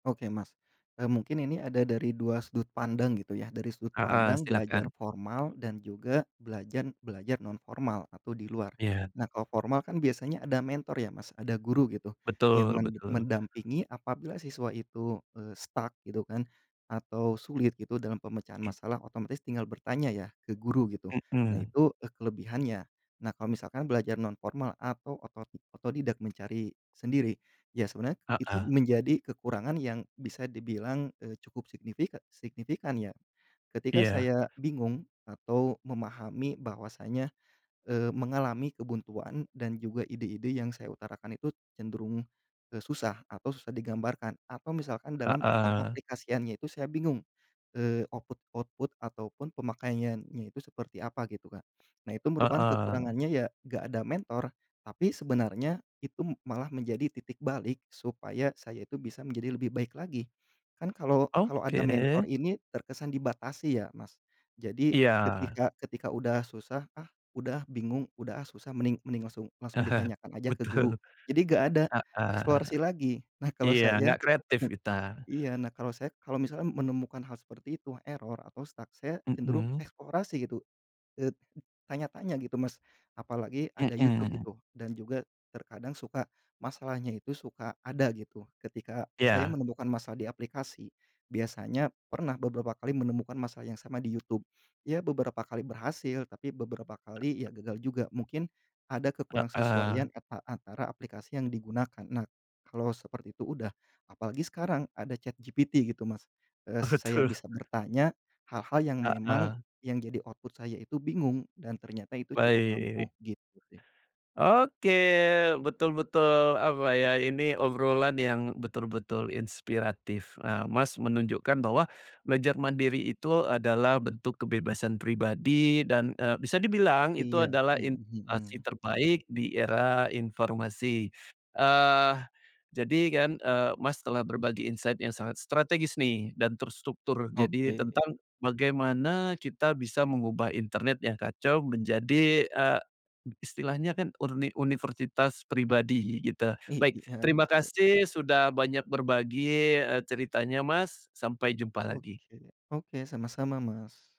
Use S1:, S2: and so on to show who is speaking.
S1: Oke Mas, eee, mungkin ini ada dari 2 sudut pandang gitu ya dari sudut
S2: Heeh,
S1: pandang belajar
S2: silakan.
S1: formal dan juga belajar belajar non formal atau di luar,
S2: Iya.
S1: nah kalau formal kan biasanya ada mentor ya Mas ada guru gitu yang
S2: Betul
S1: men
S2: betul.
S1: mendampingi apabila siswa itu, eee, stuck gitu kan, atau sulit gitu dalam pemecahan
S2: Oke.
S1: masalah otomatis tinggal bertanya ya ke guru gitu nah
S2: Mhm.
S1: itu, eee, kelebihannya, nah kalau misalkan belajar nonformal atau oto otodidak mencari sendiri, ya sebenarnya itu
S2: Heeh.
S1: menjadi kekurangan yang bisa dibilang, eee, cukup signifi signifikan ya, ketika
S2: Iya.
S1: saya bingung atau memahami bahwasanya, eee, mengalami kebuntuan dan juga ide-ide yang saya utarakan itu cenderung, eee, susah atau susah digambarkan atau misalkan dalam
S2: Heeh.
S1: pengaplikasiannya itu saya bingung, eee, output ke output ataupun pemakaiannya itu seperti apa gitu kan, nah itu merupakan
S2: Heeh.
S1: kekurangannya ya gak ada mentor tapi sebenarnya itu malah menjadi titik balik supaya saya itu bisa menjadi lebih baik lagi, kan kalau kalau ada
S2: Oke
S1: mentor
S2: deh.
S1: ini terkesan dibatasi ya Mas, jadi
S2: Iya.
S1: ketika ketika udah susah, ah, udah, ah, bingung udah, ah, susah mending mending langsung langsung ditanyakan aja ke guru
S2: Betul,
S1: jadi gak ada,
S2: heeh,
S1: eksplorasi lagi nah kalau
S2: iya
S1: saya
S2: gak kreatif
S1: mu
S2: entar.
S1: iya nah kalau saya kalau misalnya menemukan hal seperti itu error atau stuck saya cenderung
S2: Mhm.
S1: eksplorasi gitu, eee, tanya-tanya gitu Mas, apalagi ada YouTube
S2: Mhm.
S1: gitu dan juga terkadang suka masalahnya itu suka ada gitu ketika saya
S2: Ya.
S1: menemukan masalah di aplikasi, biasanya pernah beberapa kali menemukan masalah yang sama di YouTube, ya beberapa kali berhasil tapi beberapa kali ya gagal juga mungkin ada
S2: Heeh.
S1: kekurangsesuaian eta antara aplikasi yang digunakan nah, kalau seperti itu udah, apalagi sekarang ada ChatGPT gitu Mas, eee,
S2: Oh
S1: saya
S2: betul.
S1: bisa bertanya, hal-hal yang memang,
S2: Heeh.
S1: yang jadi output saya itu bingung dan ternyata itu cukup
S2: Baik.
S1: ampuh gitu sih.
S2: Oke betul betul apa ya ini obrolan yang betul-betul inspiratif nah Mas menunjukkan bahwa, belajar mandiri itu adalah bentuk kebebasan pribadi dan, eee, bisa dibilang itu
S1: Iya,
S2: adalah
S1: mhm mhm.
S2: inovasi terbaik di era informasi, eee, jadi kan, eee, Mas telah berbagi insight yang sangat strategis nih dan terstruktur jadi
S1: Oke.
S2: tentang bagaimana kita bisa mengubah internet yang kacau menjadi, eee, istilahnya kan urni universitas pribadi gitu baik
S1: Iya
S2: terima
S1: betul.
S2: kasih sudah banyak berbagi, eee, ceritanya Mas sampai jumpa lagi.
S1: Oke oke sama-sama, Mas.